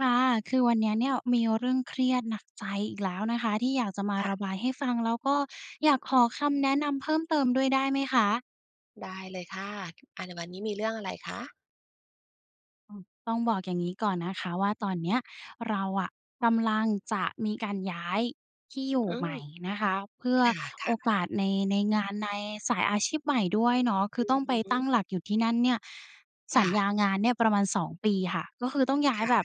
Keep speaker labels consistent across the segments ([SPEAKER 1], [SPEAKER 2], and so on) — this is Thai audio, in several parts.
[SPEAKER 1] ค่ะ คือวันนี้เนี่ย มีเรื่องเครียดหนักใจอีกแล้วนะคะที่อยากจะมา
[SPEAKER 2] ค่ะ
[SPEAKER 1] ระบายให้ฟัง แล้วก็อยากขอคำแนะนำเพิ่มเติมด้วยได้ไหมคะ?
[SPEAKER 2] ได้เลยค่ะ อ่า ในวันนี้มีเรื่องอะไรคะ?
[SPEAKER 1] อืม ต้องบอกอย่างนี้ก่อนนะคะ ว่าตอนเนี้ยเราอะกำลังจะมีการย้ายที่อยู่
[SPEAKER 2] อื
[SPEAKER 1] ใหม
[SPEAKER 2] ม
[SPEAKER 1] ่นะคะ เพื่อ
[SPEAKER 2] ค
[SPEAKER 1] โ
[SPEAKER 2] ่
[SPEAKER 1] อ
[SPEAKER 2] ะ ๆ
[SPEAKER 1] กาสใน ในงาน ในสายอาชีพใหม่ด้วยเนาะ คื
[SPEAKER 2] อ
[SPEAKER 1] อ
[SPEAKER 2] ื
[SPEAKER 1] ต
[SPEAKER 2] อ
[SPEAKER 1] ้องไป
[SPEAKER 2] ฮ
[SPEAKER 1] ตั้ง
[SPEAKER 2] ึ
[SPEAKER 1] หลักอยู่ที่นั่นเนี่ย ส
[SPEAKER 2] ค
[SPEAKER 1] ั
[SPEAKER 2] ่
[SPEAKER 1] ญ
[SPEAKER 2] ะ
[SPEAKER 1] ญางานเนี่ยประมาณ 2 ปีค่ะ ก็คือต้องย้า
[SPEAKER 2] ค
[SPEAKER 1] ย
[SPEAKER 2] ่
[SPEAKER 1] แบ
[SPEAKER 2] ะ
[SPEAKER 1] บ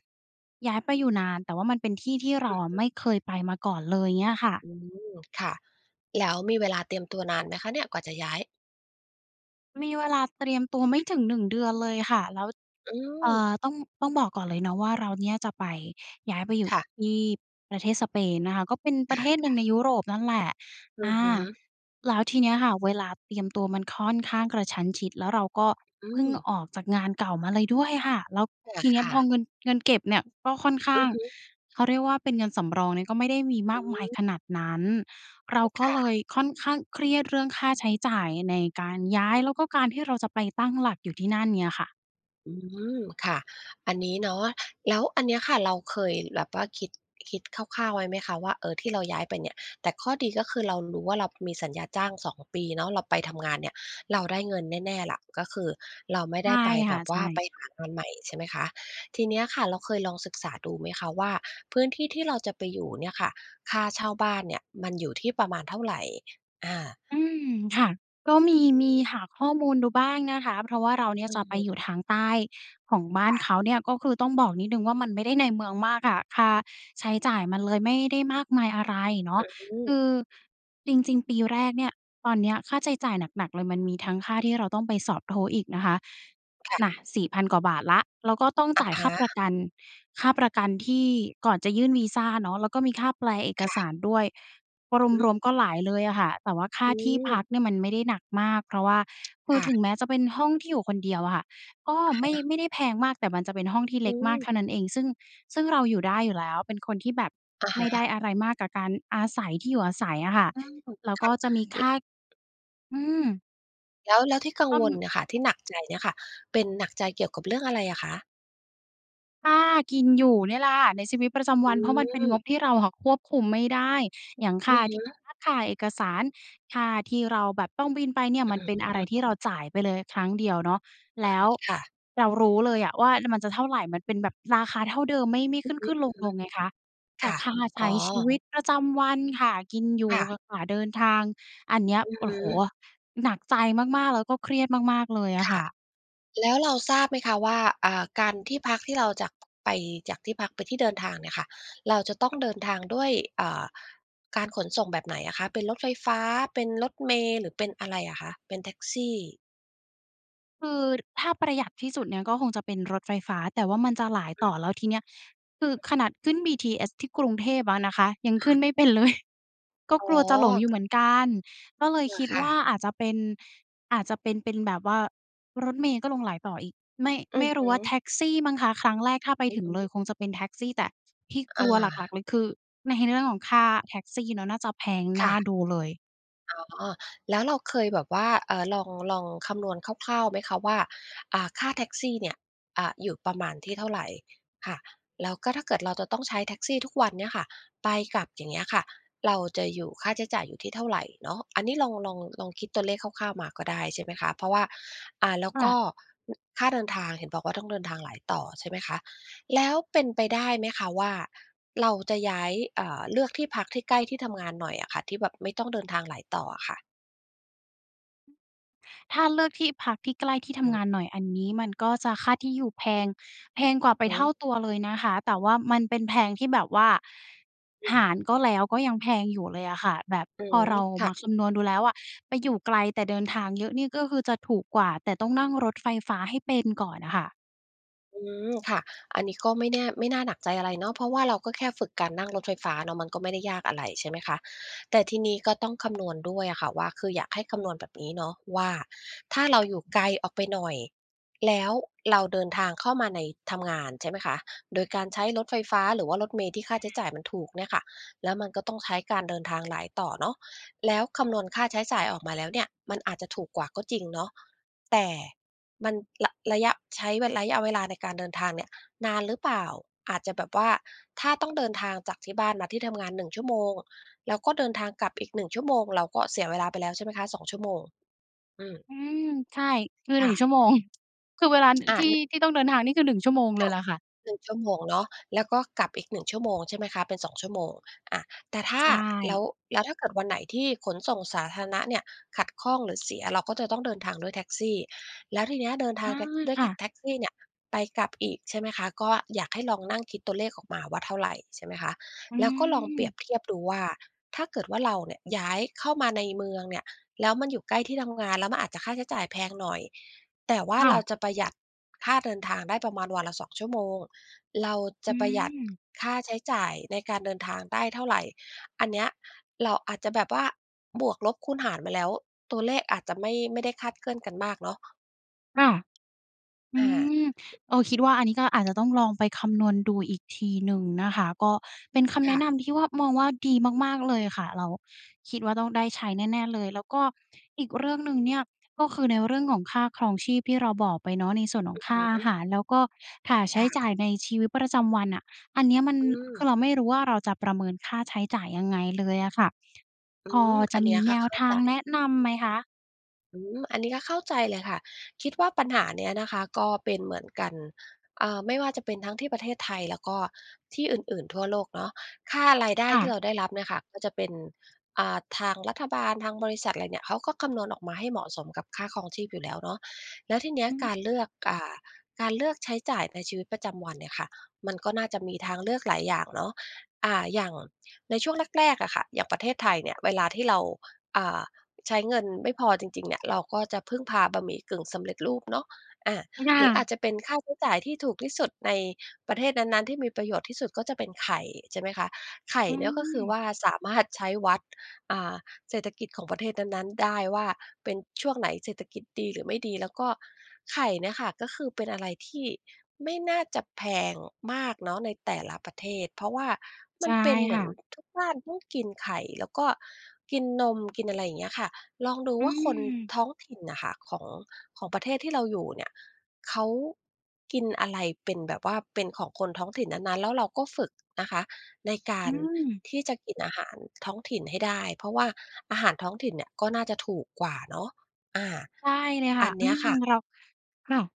[SPEAKER 1] ย้ายไปอยู่นาน แต่ว่ามันเป็นที่ที่เร
[SPEAKER 2] อ
[SPEAKER 1] า
[SPEAKER 2] ือ
[SPEAKER 1] อะ
[SPEAKER 2] ฮ
[SPEAKER 1] ไม
[SPEAKER 2] ึ
[SPEAKER 1] ่เคยไปมาก่อนเลยเงี้ยค่ะ
[SPEAKER 2] อืม ค่ะ แล้วมีเวลาเตรียมตัวนานไหมคะเนี่ย กว่าจะย้าย?
[SPEAKER 1] มีเวลาเตรียมตัวไม่ถึง 1 เดือนเลยค่ะ แล้ว
[SPEAKER 2] อื
[SPEAKER 1] อ่
[SPEAKER 2] ม
[SPEAKER 1] า ต้อง ต้องบอกก่อนเลยเนาะว่า เราเนี่ยจะไป ย้ายไปอยู่
[SPEAKER 2] ค่ะ
[SPEAKER 1] ที่ประเทศสเปนนะคะ ก็เป็นป
[SPEAKER 2] ค
[SPEAKER 1] ระเทศหนึ
[SPEAKER 2] ่
[SPEAKER 1] ่
[SPEAKER 2] ะ
[SPEAKER 1] งใน
[SPEAKER 2] ๆ
[SPEAKER 1] ยุโรปนั่นแหละ
[SPEAKER 2] อื
[SPEAKER 1] อ
[SPEAKER 2] อ
[SPEAKER 1] า
[SPEAKER 2] ฮึ
[SPEAKER 1] แล้วทีเนี้ยค่ะ เวลาเตรียมตัวมันค่อนข้างกระชั้นชิด แล้วเราก็
[SPEAKER 2] อื
[SPEAKER 1] เพิ่ง
[SPEAKER 2] ม
[SPEAKER 1] ออกจากงานเก่ามาเลยด้วยค่ะ แล้ว
[SPEAKER 2] เอ
[SPEAKER 1] ท
[SPEAKER 2] อ
[SPEAKER 1] ีนี
[SPEAKER 2] ค
[SPEAKER 1] ้
[SPEAKER 2] ่
[SPEAKER 1] พอ
[SPEAKER 2] ะ
[SPEAKER 1] เงิน เงินเก็บเนี่ยก็ค่อนข้
[SPEAKER 2] อ
[SPEAKER 1] า
[SPEAKER 2] ือ
[SPEAKER 1] ง
[SPEAKER 2] ฮึ
[SPEAKER 1] เขาเรียกว่าเป็นเงินสำรองเนี่ย ก็ไม่ได้มีม
[SPEAKER 2] อ
[SPEAKER 1] ากมาย
[SPEAKER 2] ืม
[SPEAKER 1] ขนาดนั้น เรา
[SPEAKER 2] อืม
[SPEAKER 1] ก็
[SPEAKER 2] ค่
[SPEAKER 1] เล
[SPEAKER 2] ะ
[SPEAKER 1] ยค่อนข้างเครียดเรื่องค่าใช้จ่ายในการย้าย แล้วก็การที่เราจะไปตั้งหลักอยู่ที่นั่นเนี่ยค่ะ
[SPEAKER 2] อืม ค่ะ อันนี้เนาะ แล้วอันเนี้ยค่ะ เราเคยแบบว่าคิด คิดคร่าว ๆ ไว้ไหมคะว่า เออ ที่เราย้ายไปเนี่ย แต่ข้อดี ก็คือเรารู้ว่า เรามีสัญญาจ้าง 2 ปีเนาะ เราไปทำงานเนี่ย เราได้เงินแน่ ๆ ล่ะ ก็คือเราไม่
[SPEAKER 1] ใช
[SPEAKER 2] ได้
[SPEAKER 1] ่
[SPEAKER 2] ไป
[SPEAKER 1] ค
[SPEAKER 2] แบ
[SPEAKER 1] ่ะ
[SPEAKER 2] บ
[SPEAKER 1] ใ
[SPEAKER 2] ว
[SPEAKER 1] ช
[SPEAKER 2] ่าไ
[SPEAKER 1] ่
[SPEAKER 2] ปหางานใหม่ ใช่ไหมคะ ทีเนี้ยค่ะ เราเคยลองศึกษาดูไหมคะว่า พื้นที่ที่เราจะไปอยู่เนี่ยค่ะ ค่าเช่าบ้านเนี่ยมันอยู่ที่ประมาณเท่าไร? อา
[SPEAKER 1] อืม ค่ะ ก็มี มีหาข้อมูลดูบ้างนะคะ เพราะว่าเราเนี่
[SPEAKER 2] อ
[SPEAKER 1] ย
[SPEAKER 2] ื
[SPEAKER 1] จะไปอยู
[SPEAKER 2] ม
[SPEAKER 1] ่ทางใต้ของบ้า
[SPEAKER 2] ค
[SPEAKER 1] น
[SPEAKER 2] ่ะ
[SPEAKER 1] เขาเนี่ย ก็คือต้องบอกนิดหนึ่งว่า มันไม่ได้ในเมืองมากค่ะ ค่าใช้จ่ายมันเลยไม่ได้มากมายอะไรเนาะ
[SPEAKER 2] อื
[SPEAKER 1] ค
[SPEAKER 2] ม
[SPEAKER 1] ือจริง ๆ ปีแรกเนี่ย ตอนเนี้ยค่าใช้จ่ายหนัก ๆ เลย มันมีทั้งค่าที่เราต้องไปสอบ TOEIC นะคะ
[SPEAKER 2] ค่ะ
[SPEAKER 1] น่ะ 4,000 กว่าบาทแล้ว แล้วก็ต้อง
[SPEAKER 2] อ
[SPEAKER 1] จ
[SPEAKER 2] ะ
[SPEAKER 1] ่าย
[SPEAKER 2] ฮ
[SPEAKER 1] ค่าประ
[SPEAKER 2] ะ
[SPEAKER 1] กัน ค่าประกันที่ ก่อนจะยื่นวีซ่าเนาะ แล้วก็มีค่าแปลเอก
[SPEAKER 2] ค่
[SPEAKER 1] ส
[SPEAKER 2] ะ
[SPEAKER 1] ารด้วย
[SPEAKER 2] อือฮ
[SPEAKER 1] ร
[SPEAKER 2] ึ
[SPEAKER 1] วม ๆ ก็หลายเลยอะค่ะ แต่ว่าค่
[SPEAKER 2] อ
[SPEAKER 1] า
[SPEAKER 2] ื
[SPEAKER 1] ที่พ
[SPEAKER 2] ม
[SPEAKER 1] ักเนี่ย มันไม่ได้หนักมาก เพราะว่า คื
[SPEAKER 2] ค
[SPEAKER 1] อ
[SPEAKER 2] ่
[SPEAKER 1] ถ
[SPEAKER 2] ะ
[SPEAKER 1] ึงแม้จะเป็นห้องที่อยู่คนเดียวอะค่ะ ก็
[SPEAKER 2] อะ
[SPEAKER 1] ไ
[SPEAKER 2] ฮ
[SPEAKER 1] ม่
[SPEAKER 2] ะ
[SPEAKER 1] ไม่ได้แพงมาก แต่มันจะเป็นห้องที่เ
[SPEAKER 2] อ
[SPEAKER 1] ล็กมาก
[SPEAKER 2] ืม
[SPEAKER 1] เท่านั้นเอง ซึ่ง ซึ่งเราอยู่ได้อยู่แล้ว เป็นคนที่แบบ
[SPEAKER 2] อะ
[SPEAKER 1] ไ
[SPEAKER 2] ฮ
[SPEAKER 1] ม่ได้
[SPEAKER 2] ะ
[SPEAKER 1] อะไรมากกับการอาศัย ที่อยู่อาศัยอะค่ะ แล้
[SPEAKER 2] อืม
[SPEAKER 1] วก
[SPEAKER 2] ค่ะ อิ
[SPEAKER 1] ็จะมีค่า อืม
[SPEAKER 2] แล้ว แล้วที่กัง
[SPEAKER 1] อ้อ
[SPEAKER 2] วล
[SPEAKER 1] ม
[SPEAKER 2] เนี่ยค่ะ ที่หนักใจเนี่ยค่ะ เป็นหนักใจเกี่ยวกับเรื่องอะไรอะคะ?
[SPEAKER 1] ค่ากินอยู่นี่ล่ะค่ะในชีวิตประจำ
[SPEAKER 2] อ
[SPEAKER 1] วัน เพราะมันเป็นง
[SPEAKER 2] ืม
[SPEAKER 1] บที่เราค่ะควบคุมไม่ได้ อย่างค
[SPEAKER 2] อื
[SPEAKER 1] ่า
[SPEAKER 2] อฮ
[SPEAKER 1] ที่
[SPEAKER 2] ึ
[SPEAKER 1] พัก ค่าเอกสาร ค่าที่เราแบบต้องบินไปเนี่ย
[SPEAKER 2] อื้
[SPEAKER 1] ม
[SPEAKER 2] อ
[SPEAKER 1] ันเป็นอะไ
[SPEAKER 2] ฮ
[SPEAKER 1] ร
[SPEAKER 2] ือ
[SPEAKER 1] ที่เราจ่ายไปเลยครั้งเดียวเนาะ
[SPEAKER 2] อ
[SPEAKER 1] แ
[SPEAKER 2] ื
[SPEAKER 1] ล้
[SPEAKER 2] ม
[SPEAKER 1] ว
[SPEAKER 2] ค่ะ
[SPEAKER 1] เรารู้เลยอะว่า นั่นมันจะเท่าไร มันเป็นแบบราคาเท่าเดิม ไม่ ไม่
[SPEAKER 2] อื
[SPEAKER 1] ข
[SPEAKER 2] อ
[SPEAKER 1] ึ้น ๆ
[SPEAKER 2] ฮึ
[SPEAKER 1] ลง ๆ ไงคะ แ
[SPEAKER 2] ๆ ค
[SPEAKER 1] ต่
[SPEAKER 2] ่ะ
[SPEAKER 1] ค่าใช
[SPEAKER 2] อ
[SPEAKER 1] ้
[SPEAKER 2] ๋อ
[SPEAKER 1] ชีวิตประจำวัน ค่ากินอยู
[SPEAKER 2] ค
[SPEAKER 1] ่
[SPEAKER 2] ่
[SPEAKER 1] ก
[SPEAKER 2] ะ
[SPEAKER 1] ับค่าเดินทาง อันเนี้ย
[SPEAKER 2] อือ
[SPEAKER 1] โอ้
[SPEAKER 2] ฮ
[SPEAKER 1] โฮ!
[SPEAKER 2] ึ
[SPEAKER 1] หนักใจมาก ๆ แล้วก็เครียดมาก ๆ เลยอะ
[SPEAKER 2] ค่
[SPEAKER 1] ค
[SPEAKER 2] ะ
[SPEAKER 1] ่ะ
[SPEAKER 2] แล้วเราทราบไหมคะว่า อ่า การ ที่พักที่เราจาก ไป จากที่พักไปที่เดินทางเนี่ยค่ะ เราจะต้องเดินทางด้วย อ่า การขนส่งแบบไหนอะคะ? เป็นรถไฟฟ้า เป็นรถเมล์ หรือเป็นอะไรอะคะ? เป็นแท็กซี่
[SPEAKER 1] คือถ้าประหยัดที่สุดเนี่ย ก็คงจะเป็นรถไฟฟ้า แต่ว่ามันจะหลาย
[SPEAKER 2] อ
[SPEAKER 1] ต
[SPEAKER 2] ื
[SPEAKER 1] ่
[SPEAKER 2] อ
[SPEAKER 1] อ
[SPEAKER 2] ฮ
[SPEAKER 1] แ
[SPEAKER 2] ึ
[SPEAKER 1] ล้วทีเนี้ย คือขนาดขึ้นบีทีเอสที่กรุงเทพอะนะคะ ยัง
[SPEAKER 2] ค
[SPEAKER 1] ขึ้
[SPEAKER 2] ่
[SPEAKER 1] น
[SPEAKER 2] ะ
[SPEAKER 1] ไม่เป็นเลย ก็
[SPEAKER 2] อ๋อ
[SPEAKER 1] กลัวจะหลงอยู่
[SPEAKER 2] ก็
[SPEAKER 1] เหมือนกัน ก็เล
[SPEAKER 2] เ
[SPEAKER 1] ย
[SPEAKER 2] ออ
[SPEAKER 1] คิด
[SPEAKER 2] ค่
[SPEAKER 1] ว่า
[SPEAKER 2] ะ
[SPEAKER 1] อาจจะเป็น อาจจะเป็น เป็นแบบว่ารถเมล์ก็ลงหลายต่ออีก ไม่
[SPEAKER 2] อื
[SPEAKER 1] ไม
[SPEAKER 2] อ
[SPEAKER 1] ่
[SPEAKER 2] ฮ
[SPEAKER 1] รู
[SPEAKER 2] ึ
[SPEAKER 1] ้ว่าแท็กซี่มั้งคะ ครั้งแรกถ้าไป
[SPEAKER 2] อื
[SPEAKER 1] ถ
[SPEAKER 2] อ
[SPEAKER 1] ึ
[SPEAKER 2] ฮ
[SPEAKER 1] งเล
[SPEAKER 2] ึ
[SPEAKER 1] ยคงจะเป็นแท็กซี่ แต่ที่ก
[SPEAKER 2] อ
[SPEAKER 1] ลั
[SPEAKER 2] า
[SPEAKER 1] วหลัก ๆ เลยคือ ใน เรื่องของค่าแท็กซี่เนาะ น่าจะแพง
[SPEAKER 2] ค
[SPEAKER 1] น
[SPEAKER 2] ่
[SPEAKER 1] ่า
[SPEAKER 2] ะ
[SPEAKER 1] ดูเลย
[SPEAKER 2] อ๋อ แล้วเราเคยแบบว่า อ่า ลอง ลองคำนวณคร่าว ๆ ไหมคะว่า อ่า ค่าแท็กซี่เนี่ย อ่า อยู่ประมาณที่เท่าไร ค่ะ แล้วก็ถ้าเกิดเราจะต้องใช้แท็กซี่ทุกวันเนี่ยค่ะ ไปกลับ อย่างเงี้ยค่ะ เราจะอยู่ ค่าใช้จ่ายอยู่ที่เท่าไรเนาะ อันนี้ลอง ลอง ลองคิดตัวเลขคร่าว ๆ มาก็ได้ ใช่ไหมคะ เพราะว่า อ่า แล้ว
[SPEAKER 1] ค่
[SPEAKER 2] ก
[SPEAKER 1] ะ
[SPEAKER 2] ็ อ ค่าเดินทาง เห็นบอกว่า ต้องเดินทางหลายต่อ ใช่ไหมคะ แล้วเป็นไปได้ไหมคะว่า เราจะย้าย อ่า เลือกที่พักที่ใกล้ที่ทำงานหน่อยอะค่ะ ที่แบบไม่ต้องเดินทางหลายต่ออะค่ะ
[SPEAKER 1] ถ้าเลือกที่พักที่ใกล้ที่ท
[SPEAKER 2] อื
[SPEAKER 1] ำง
[SPEAKER 2] ม
[SPEAKER 1] านหน่อย อันนี้มันก็จะค่าที่อยู่แพง แพงกว่
[SPEAKER 2] อ
[SPEAKER 1] า
[SPEAKER 2] ะ
[SPEAKER 1] ไป
[SPEAKER 2] ฮ
[SPEAKER 1] เท่
[SPEAKER 2] ะ
[SPEAKER 1] าตัวเลยนะคะ แต่ว่ามันเป็นแพงที่แบบว่า
[SPEAKER 2] อื
[SPEAKER 1] ห
[SPEAKER 2] ม
[SPEAKER 1] ารก็แล้ว ก็ยังแพงอยู่เลยอะค่ะ แบบ
[SPEAKER 2] อื
[SPEAKER 1] พอ
[SPEAKER 2] ม
[SPEAKER 1] เรา
[SPEAKER 2] ค่
[SPEAKER 1] ม
[SPEAKER 2] ะ
[SPEAKER 1] าคำนวณดูแล้วอะ ไปอยู่ไกลแต่เดินทางเยอะนี่ก็คือจะถูกกว่า แต่ต้องนั่งรถไฟฟ้าให้เป็นก่อนอะค่ะ
[SPEAKER 2] อืม ค่ะ อันนี้ก็ไม่แน่ ไม่น่าหนักใจอะไรเนาะ เพราะว่าเราก็แค่ฝึกการนั่งรถไฟฟ้าเนาะ มันก็ไม่ได้ยากอะไร ใช่ไหมคะ แต่ทีนี้ก็ต้องคำนวณด้วยอะค่ะว่า คืออยากให้คำนวณแบบนี้เนาะว่า ถ้าเราอยู่ไกลออกไปหน่อย แล้วเราเดินทางเข้ามาใน ทำงาน ใช่ไหมคะ โดยการใช้รถไฟฟ้าหรือว่ารถเมล์ที่ค่าใช้จ่ายมันถูกเนี่ยค่ะ แล้วมันก็ต้องใช้การเดินทางหลายต่อเนาะ แล้วคำนวณค่าใช้จ่ายออกมาแล้วเนี่ย มันอาจจะถูกกว่าก็จริงเนาะ แต่มันระ ระยะ ใช้ระยะเวลาในการเดินทางเนี่ยนานหรือเปล่า อาจจะแบบว่า ถ้าต้องเดินทางจากที่บ้านมาที่ทำงาน 1 ชั่วโมง แล้วก็เดินทางกลับอีก 1 ชั่วโมง เราก็เสียเวลาไปแล้วใช่ไหมคะ 2 ชั่วโมง อืม
[SPEAKER 1] อืม ใช่ คือ
[SPEAKER 2] ค
[SPEAKER 1] หนึ
[SPEAKER 2] ่
[SPEAKER 1] ่ง ชั
[SPEAKER 2] ะ
[SPEAKER 1] ่วโมง คือเวลา น
[SPEAKER 2] อา
[SPEAKER 1] ที่
[SPEAKER 2] นึ
[SPEAKER 1] ที่ต้องเดินทางนี่คือ 1 ชั่วโมง
[SPEAKER 2] ค
[SPEAKER 1] เล
[SPEAKER 2] ่
[SPEAKER 1] ย
[SPEAKER 2] ะ
[SPEAKER 1] ล่ะค่ะ
[SPEAKER 2] 1 ชั่วโมงเนาะ แล้วก็กลับอีก 1 ชั่วโมง ใช่ไหมคะ เป็น 2 ชั่วโมง อะ แต่ถ้า
[SPEAKER 1] ใช
[SPEAKER 2] แล้
[SPEAKER 1] ่
[SPEAKER 2] ว แล้วถ้าเกิดวันไหนที่ขนส่งสาธารณะเนี่ยขัดข้องหรือเสีย เราก็จะต้องเดินทางด้วยแท็กซี่ แล้วทีเนี้ยเดินท
[SPEAKER 1] เอ
[SPEAKER 2] าง
[SPEAKER 1] อ
[SPEAKER 2] แท็ก ด้วย
[SPEAKER 1] ค
[SPEAKER 2] แ
[SPEAKER 1] ่
[SPEAKER 2] ท็
[SPEAKER 1] ะ
[SPEAKER 2] ก แท็กซี่เนี่ยไปกลับอีก ใช่ไหมคะ ก็อยากให้ลองนั่งคิดตัวเลขออกมาว่าเท่าไร ใช่ไหมคะ
[SPEAKER 1] อื
[SPEAKER 2] แล้วก็ลองเปรีย
[SPEAKER 1] ม
[SPEAKER 2] บเทียบดูว่า ถ้าเกิดว่าเราเนี่ยย้ายเข้ามาในเมืองเนี่ย แล้วมันอยู่ใกล้ที่ทำงาน แล้วมันอาจจะค่าใช้จ่ายแพงหน่อย แต่ว่า
[SPEAKER 1] ค่
[SPEAKER 2] เรา
[SPEAKER 1] ะ
[SPEAKER 2] จะประหยัดค่าเดินทางได้ประมาณวันละ 2 ชั่วโมง เราจ
[SPEAKER 1] อื
[SPEAKER 2] ะประหยัด
[SPEAKER 1] ม
[SPEAKER 2] ค่าใช้จ่ายในการเดินทางได้เท่าไร อันเนี้ย เราอาจจะแบบว่าบวกลบคูณหารมาแล้ว ตัวเลขอาจจะไม่ ไม่ได้คลาดเคลื่อนกันมากเนาะ
[SPEAKER 1] ค่ะ อ
[SPEAKER 2] อ
[SPEAKER 1] ื
[SPEAKER 2] า
[SPEAKER 1] ม เออ คิดว่าอันนี้ก็อาจจะต้องลองไปคำนวณดูอีกทีหนึ่งนะคะ ก็เป็นคำ
[SPEAKER 2] ค
[SPEAKER 1] แน
[SPEAKER 2] ่
[SPEAKER 1] ะ
[SPEAKER 2] ะ
[SPEAKER 1] นำที่ว่า มองว่าดีมาก ๆ เลยค่ะ แล้วคิดว่าต้องได้ใช้แน่ ๆ เลย แล้วก็อีกเรื่องหนึ่งเนี่ย ก็คือในเรื่องของค่าครองชีพที่เราบอกไปเนาะ ในส่วนข
[SPEAKER 2] อ
[SPEAKER 1] อ
[SPEAKER 2] ื
[SPEAKER 1] ง
[SPEAKER 2] อ
[SPEAKER 1] ค่
[SPEAKER 2] ฮ
[SPEAKER 1] าอา
[SPEAKER 2] ึ
[SPEAKER 1] หาร แล้วก็ค่าใช
[SPEAKER 2] ค
[SPEAKER 1] ้
[SPEAKER 2] ่
[SPEAKER 1] จ่าย
[SPEAKER 2] ะ
[SPEAKER 1] ในชีวิตประจำวันน่ะ อันเนี้ยมัน
[SPEAKER 2] อื
[SPEAKER 1] คื
[SPEAKER 2] อ
[SPEAKER 1] อเราไม่รู้ว่าเราจะประเมินค่าใช้จ่ายยังไงเลยอะค่ะ
[SPEAKER 2] อื
[SPEAKER 1] พอ
[SPEAKER 2] ม อ
[SPEAKER 1] จ
[SPEAKER 2] ั
[SPEAKER 1] ะ
[SPEAKER 2] นเ
[SPEAKER 1] ม
[SPEAKER 2] นี้
[SPEAKER 1] ี
[SPEAKER 2] ยค
[SPEAKER 1] แน
[SPEAKER 2] ่ะ เ
[SPEAKER 1] ว
[SPEAKER 2] ข้า
[SPEAKER 1] ท
[SPEAKER 2] ใ
[SPEAKER 1] า
[SPEAKER 2] จ
[SPEAKER 1] งแนะนำไหมคะ?
[SPEAKER 2] อืม อันนี้ก็เข้าใจเลยค่ะ คิดว่าปัญหาเนี้ยนะคะ ก็เป็นเหมือนกัน อ่า ไม่ว่าจะเป็นทั้งที่ประเทศไทย แล้วก็ที่อื่น ๆ ทั่วโลกเนาะ ค่า รายได้
[SPEAKER 1] ค่
[SPEAKER 2] ที่
[SPEAKER 1] ะ
[SPEAKER 2] เราได้รับเนี่ยค่ะ ก็จะเป็น อ่า ทางรัฐบาล ทางบริษัทอะไรเนี่ย เขาก็คำนวณออกมาให้เหมาะสมกับค่าครองชีพอยู่แล้วเนาะ แล้วทีเนี้
[SPEAKER 1] อ
[SPEAKER 2] ย
[SPEAKER 1] ื
[SPEAKER 2] ก
[SPEAKER 1] ม
[SPEAKER 2] ารเลือก อ่า การเลือกใช้จ่ายในชีวิตประจำวันเนี่ยค่ะ มันก็น่าจะมีทางเลือกหลายอย่างเนาะ อ่า อย่างในช่วงแรก ๆ อะค่ะ อย่างประเทศไทยเนี่ย เวลาที่เรา อ่า ใช้เงินไม่พอจริง ๆ เนี่ย เราก็จะพึ่งพาบะหมี่กึ่งสำเร็จรูปเนาะ อา
[SPEAKER 1] อืม ค่
[SPEAKER 2] หรืออ
[SPEAKER 1] ะ
[SPEAKER 2] าจจะเป็นค่าใช้จ่ายที่ถูกที่สุดในประเทศนั้น ๆ ที่มีประโยชน์ที่สุดก็จะเป็นไข่ใช่ไหมคะ? ไข่
[SPEAKER 1] อื
[SPEAKER 2] เนี่ย ก็คือ
[SPEAKER 1] ม
[SPEAKER 2] ว่าสามารถใช้วัด อ่า เศรษฐกิจของประเทศนั้น ๆ ได้ว่าเป็น ช่วงไหนเศรษฐกิจดีหรือไม่ดี แล้วก็ไข่เนี่ยค่ะ ก็คือเป็นอะไรที่ไม่น่าจะแพงมากเนาะ ในแต่ละประเทศ เพราะว่า
[SPEAKER 1] ใ
[SPEAKER 2] ม
[SPEAKER 1] ช
[SPEAKER 2] ัน
[SPEAKER 1] ่
[SPEAKER 2] เป็นเหม
[SPEAKER 1] ค
[SPEAKER 2] ื
[SPEAKER 1] ่
[SPEAKER 2] อน
[SPEAKER 1] ะ
[SPEAKER 2] ทุกบ้านต้องกินไข่ แล้วก็กินนม กินอะไรอย่างเงี้ยค่ะ ลองดู
[SPEAKER 1] อื
[SPEAKER 2] ว่าคน
[SPEAKER 1] ม
[SPEAKER 2] ท้องถิ่นอะค่ะ ของ ของประเทศที่เราอยู่เนี่ย เขา กินอะไรเป็นแบบว่า เป็นของคนท้องถิ่นนั้น ๆ แล้วเราก็ฝึกนะคะ ในกา
[SPEAKER 1] อื
[SPEAKER 2] ร
[SPEAKER 1] ม
[SPEAKER 2] ที่จะกินอาหารท้องถิ่นให้ได้ เพราะว่าอาหารท้องถิ่นเนี่ย ก็น่าจะถูกกว่าเนาะ อา
[SPEAKER 1] ใช่เลยค
[SPEAKER 2] อ
[SPEAKER 1] ่
[SPEAKER 2] ั
[SPEAKER 1] ะ
[SPEAKER 2] นเ
[SPEAKER 1] อ
[SPEAKER 2] น
[SPEAKER 1] ื
[SPEAKER 2] ี้ย
[SPEAKER 1] ม
[SPEAKER 2] ค่ะ
[SPEAKER 1] เรา ค่ะ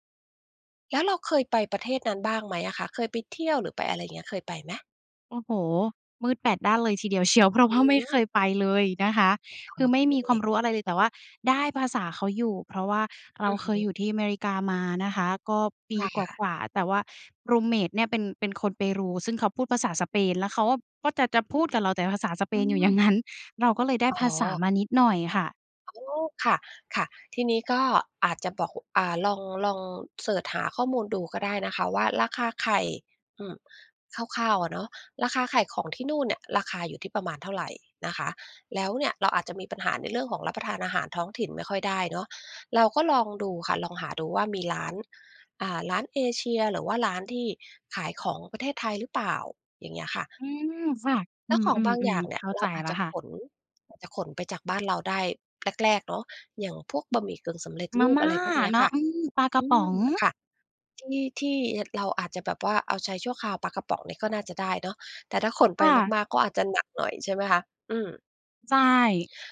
[SPEAKER 2] แล้วเราเคยไปประเทศนั้นบ้างไหมอะคะ? เคยไปเที่ยว หรือไปอะไรอย่างเงี้ย เคยไปไหม?
[SPEAKER 1] โอ้โฮ มืดแปดด้านเลยทีเดียวเชียว เพราะ
[SPEAKER 2] อ
[SPEAKER 1] ว่า ไม่เค
[SPEAKER 2] ืม
[SPEAKER 1] ยไปเลยนะคะ
[SPEAKER 2] โ
[SPEAKER 1] ค
[SPEAKER 2] อ
[SPEAKER 1] ือไม่มีความ
[SPEAKER 2] เค
[SPEAKER 1] รู้อะไรเลย แต่ว่าได้ภาษาเขาอยู่ เพราะว่าเรา
[SPEAKER 2] อือ
[SPEAKER 1] เค
[SPEAKER 2] ฮ
[SPEAKER 1] ยอ
[SPEAKER 2] ึ
[SPEAKER 1] ยู่ที่อเมริกามานะคะ ก็ป
[SPEAKER 2] ใช
[SPEAKER 1] ี
[SPEAKER 2] ่
[SPEAKER 1] ก
[SPEAKER 2] ค่ะ
[SPEAKER 1] ว่า ๆ แต่ว่า รูมเมต เนี่ย เป็น เป็นคนเปรู ซึ่งเขาพูดภาษาสเปน แล้วเขาอะ ก็จะ จะพูดกับเราแต่ภาษาสเป
[SPEAKER 2] อื
[SPEAKER 1] นอยู่ อย่าง
[SPEAKER 2] ม
[SPEAKER 1] งั้น เราก็เลยได้
[SPEAKER 2] อ๋
[SPEAKER 1] ภาษา
[SPEAKER 2] อ
[SPEAKER 1] มานิดหน่อยค่ะ
[SPEAKER 2] โอ้โฮ ค่ะ ค่ะ ทีนี้ก็อาจจะบอก อ่า ลอง ลองเซิร์ชหาข้อมูลดูก็ได้นะคะว่า ราคาไข่ อืม คร่าว ๆ อะเนาะ ราคาไข่ของที่นู่นเนี่ย ราคาอยู่ที่ประมาณเท่าไร? นะคะ แล้วเนี่ย เราอาจจะมีปัญหาในเรื่องของรับประทานอาหารท้องถิ่นไม่ค่อยได้เนาะ เราก็ลองดูค่ะ ลองหาดูว่ามีร้าน อ่า ร้านเอเชีย หรือว่าร้านที่ขายของประเทศไทยหรือเปล่า? อย่างเงี้ยค่ะ
[SPEAKER 1] อืมค่ะ
[SPEAKER 2] แ
[SPEAKER 1] อ
[SPEAKER 2] ล
[SPEAKER 1] ื
[SPEAKER 2] ้วของบางอย
[SPEAKER 1] ม
[SPEAKER 2] ่าง
[SPEAKER 1] ๆ ๆ
[SPEAKER 2] เน
[SPEAKER 1] เ
[SPEAKER 2] ี
[SPEAKER 1] ข
[SPEAKER 2] ่ย
[SPEAKER 1] ้า
[SPEAKER 2] เร
[SPEAKER 1] ใจ
[SPEAKER 2] าอา
[SPEAKER 1] แ
[SPEAKER 2] จ
[SPEAKER 1] ล้ว
[SPEAKER 2] จะ
[SPEAKER 1] ค่ะ
[SPEAKER 2] ขน อาจจะขนไปจากบ้านเราได้ แรก ๆ เนาะ อย่างพวกบะหมี่กึ่งสำเร็จ
[SPEAKER 1] ม
[SPEAKER 2] ร
[SPEAKER 1] า
[SPEAKER 2] ูป
[SPEAKER 1] ม่
[SPEAKER 2] อ
[SPEAKER 1] า
[SPEAKER 2] ะไรพวกเนี้ย
[SPEAKER 1] เนา
[SPEAKER 2] ค
[SPEAKER 1] ะ
[SPEAKER 2] ่ะ
[SPEAKER 1] อือ ปลากร
[SPEAKER 2] อ
[SPEAKER 1] ะ
[SPEAKER 2] ื
[SPEAKER 1] ป๋อ
[SPEAKER 2] ม
[SPEAKER 1] ง
[SPEAKER 2] ค่ะ ที่ ที่ ย เราอาจจะแบบว่าเอาใช้ชั่วคราว ปลากระป๋องเนี่ย ก็น่าจะได้เนาะ แต่ถ้าขนไ
[SPEAKER 1] ค
[SPEAKER 2] ป
[SPEAKER 1] ่ะ
[SPEAKER 2] มาก ๆ ก็อาจจะหนักหน่อย ใช่ไหมคะ อืม
[SPEAKER 1] ใช่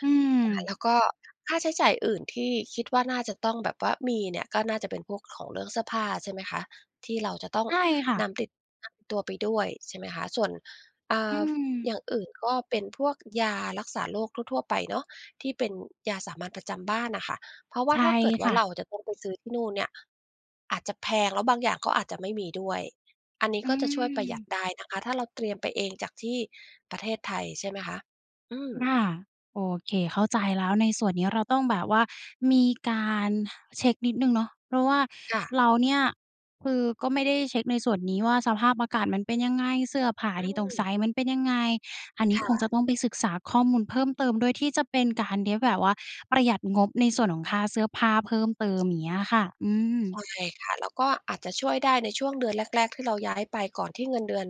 [SPEAKER 1] อื
[SPEAKER 2] ค่ะ
[SPEAKER 1] ม
[SPEAKER 2] แล้วก็ค่าใช้จ่ายอื่นที่คิดว่าน่าจะต้องแบบว่ามีเนี่ย ก็น่าจะเป็นพวกของเรื่องเสื้อผ้าใช่ไหมคะ? ที่เราจะต้อง
[SPEAKER 1] ใช่ค่
[SPEAKER 2] น
[SPEAKER 1] ะ
[SPEAKER 2] ำติด [unintelligible] ตัวไปด้วย ใช่ไหมคะ ส่วน อ่
[SPEAKER 1] อื
[SPEAKER 2] า
[SPEAKER 1] ม
[SPEAKER 2] อย่างอื่นก็เป็นพวกยารักษาโรคทั่ว ๆ ไปเนาะ ที่เป็นยาสามัญประจำบ้านน่ะค่ะ เพราะว่
[SPEAKER 1] ใช
[SPEAKER 2] า
[SPEAKER 1] ่
[SPEAKER 2] ถ้าเกิดว
[SPEAKER 1] ค
[SPEAKER 2] ่า
[SPEAKER 1] ่
[SPEAKER 2] เร
[SPEAKER 1] ะ
[SPEAKER 2] าจะต้องไปซื้อที่นู่นเนี่ย อาจจะแพงแล้วบางอย่างก็อาจจะไม่มีด้วย อันนี้
[SPEAKER 1] อื
[SPEAKER 2] ก็จะช่วยประหยัด
[SPEAKER 1] ม
[SPEAKER 2] ได้นะคะ ถ้าเราเตรียมไปเองจากที่ประเทศไทย ใช่ไหมคะ อืม
[SPEAKER 1] ค่ะ โอเคเข้าใจแล้ว ในส่วนนี้เราต้องแบบว่ามีการเช็กนิดหนึ่งเนาะ เพราะว่า
[SPEAKER 2] ค่ะ
[SPEAKER 1] เราเนี่ย คือก็ไม่ได้เช็กในส่วนนี้ว่า สภาพอากาศมันเป็นยังไง เสื้อผ้า
[SPEAKER 2] อื
[SPEAKER 1] ที่ต้องใส
[SPEAKER 2] ม
[SPEAKER 1] ่มันเป็นยังไง อันนี
[SPEAKER 2] ค
[SPEAKER 1] ้ค
[SPEAKER 2] ่
[SPEAKER 1] งจ
[SPEAKER 2] ะ
[SPEAKER 1] ะต้องไปศึกษาข้อมูลเพิ่มเติมด้วย ที่จะเป็นการ ที่แบบว่าประหยัดงบในส่วนของค่าเสื้อผ้าเพิ่มเติม อย่างเงี้ยค่ะ อืม
[SPEAKER 2] ใช่ค่ะ แล้วก็อาจจะช่วยได้ในช่วงเดือนแรก ๆ ที่เราย้ายไปก่อนที่เงินเดือน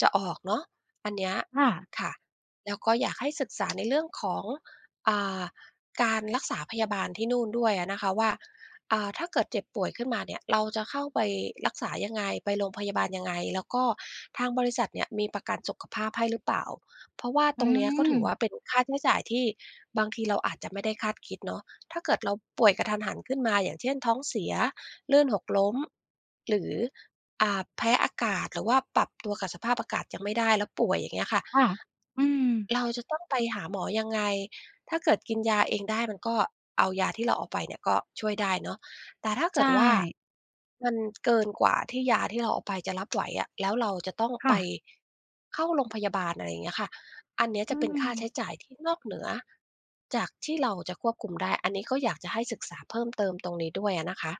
[SPEAKER 2] จะออกเนาะ อันเนี้ย
[SPEAKER 1] ค่ะ
[SPEAKER 2] ค่ะ แล้วก็อยากให้ศึกษา ในเรื่องของ อ่า การรักษาพยาบาลที่นู่นด้วยอะนะคะว่า อ่า ถ้าเกิดเจ็บป่วยขึ้นมาเนี่ย เราจะเข้าไปรักษายังไง? ไปโรงพยาบาลยังไง? แล้วก็ทางบริษัทเนี่ย มีประกันสุขภาพให้หรือเปล่า? เพราะว่า
[SPEAKER 1] อื
[SPEAKER 2] ตรงเนี้ย ก็ถือ
[SPEAKER 1] ม
[SPEAKER 2] ว่าเป็นค่าใช้จ่ายที่บางทีเราอาจจะไม่ได้คาดคิดเนาะ ถ้าเกิดเราป่วยกะทันหันขึ้นมา อย่างเช่น ท้องเสีย ลื่นหกล้ม หรือ อ่า แพ้อากาศ หรือว่าปรับตัวกับสภาพอากาศยังไม่ได้แล้วป่วย อย่างเงี้ยค่ะ
[SPEAKER 1] ค่ะ อืม
[SPEAKER 2] เราจะต้องไปหาหมอยังไง? ถ้าเกิดกินยาเองได้ มันก็ เอายาที่เราเอาไปเนี่ย ก็ช่วยได้เนาะ แต่ถ้าเก
[SPEAKER 1] ใช
[SPEAKER 2] ิดว่า
[SPEAKER 1] ่
[SPEAKER 2] มันเกินกว่าที่ยาที่เราเอาไปจะรับ ไหวอะ แล้วเราจะต้อง
[SPEAKER 1] ค่
[SPEAKER 2] ไป
[SPEAKER 1] ะ
[SPEAKER 2] เข้าโรงพยาบาล อะไรอย่างเงี้ยค่ะ อันเนี้ย
[SPEAKER 1] อ
[SPEAKER 2] จ
[SPEAKER 1] ื
[SPEAKER 2] ะเป็นค่าใ
[SPEAKER 1] ม
[SPEAKER 2] ช้จ่ายที่นอกเหนือจากที่เราจะควบคุมได้ อันนี้ก็อยากจะให้ศึกษาเพิ่มเติมตรงนี้ด้วยอะนะคะ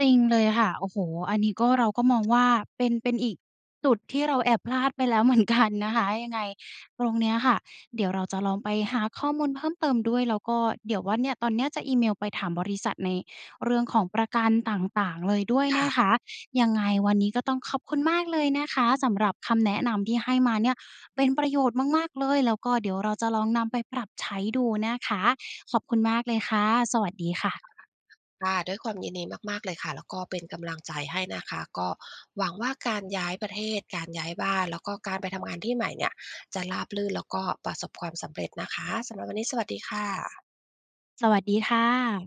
[SPEAKER 1] จริงเลยค่ะ โอ้โฮ อันนี้ก็ เราก็มองว่าเป็น เป็นอีกจุดที่เราแอบพลาดไปแล้ว เหมือนกัน นะคะ ยังไงตรงเนี้ยค่ะ เดี๋ยวเราจะลองไปหาข้อมูลเพิ่มเติมด้วย แล้วก็ เดี๋ยวว่า เนี่ย ตอนเนี้ยจะอีเมลไปถามบริษัทในเรื่องของประกันต่าง ๆ เลยด้วย
[SPEAKER 2] ค
[SPEAKER 1] น
[SPEAKER 2] ่ะ
[SPEAKER 1] ะคะ ยังไงวันนี้ก็ต้องขอบคุณมากเลยนะคะ สำหรับคำแนะนำที่ให้มาเนี่ย เป็นประโยชน์มาก ๆ เลย แล้วก็เดี๋ยวเราจะลองนำไปปรับใช้ดูนะคะขอบคุณมากเลยค่ะ สวัสดีค่ะ
[SPEAKER 2] [unintelligible] ค่ะ ด้วยความยินดีมาก ๆ เลยค่ะ แล้วก็เป็นกำลังใจให้นะคะ ก็หวังว่าการย้ายประเทศ การย้ายบ้าน แล้วก็การไปทำงานที่ใหม่เนี่ย จะราบรื่นแล้วก็ประสบความสำเร็จนะคะ สำหรับวันนี้สวัสดีค่ะ
[SPEAKER 1] สวัสดีค่ะ